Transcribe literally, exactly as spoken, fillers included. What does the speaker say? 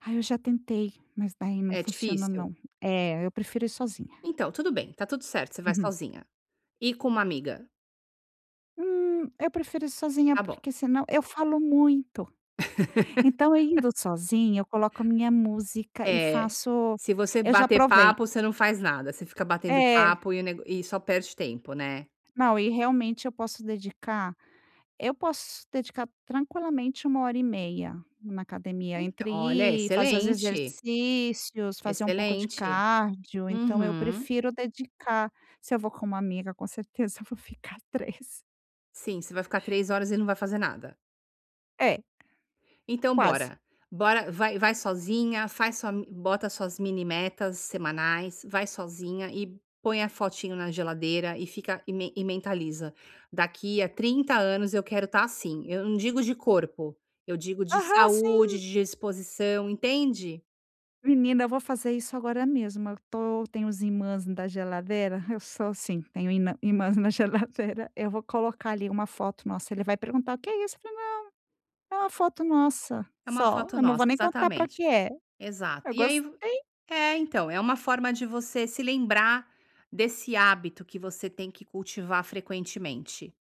Ai, eu já tentei, mas daí não É funciona, difícil? não. Eh, eu prefiro ir sozinha. Então, tudo bem. Tá tudo certo. Você vai Uhum. sozinha. E com uma amiga? Hum, eu prefiro ir sozinha Tá bom. porque senão eu falo muito. Então, eu indo sozinha, eu coloco a minha música e É. faço Se você eu já bater provei. papo, você não faz nada. Você fica batendo É. papo e o neg e só perde tempo, né. Não, e realmente eu posso dedicar eu posso dedicar tranquilamente uma hora e meia na academia. Então, Entre olha, ir, fazer os excelente. exercícios, fazer um pouco de Excelente. cardio, então, eu Uhum. prefiro dedicar. Se eu vou com uma amiga, com certeza, eu vou ficar três. Sim, você vai ficar três horas e não vai fazer nada. É. Então Quase. bora. Bora, vai vai sozinha, faz sua m bota suas mini metas semanais, vai sozinha e põe a fotinho na geladeira e fica e men e mentaliza: "Daqui a trinta anos, eu quero estar assim". Eu não digo de corpo. Eu digo de Aham, saúde, sim. de disposição, entende? Menina, eu vou fazer isso agora mesmo. Eu tô tem os imãs da geladeira eu sou assim. Tenho ina imãs na geladeira. Eu vou colocar, ali, uma foto nossa, ele vai perguntar: "O que é isso?" Eu falo: "Não, é uma foto nossa". É uma Só. foto Eu não nossa, vou nem contar pra o exatamente. que é. Exato. Eu E aí v gostei! é, então, é uma forma de você se lembrar desse hábito que você tem que cultivar frequentemente.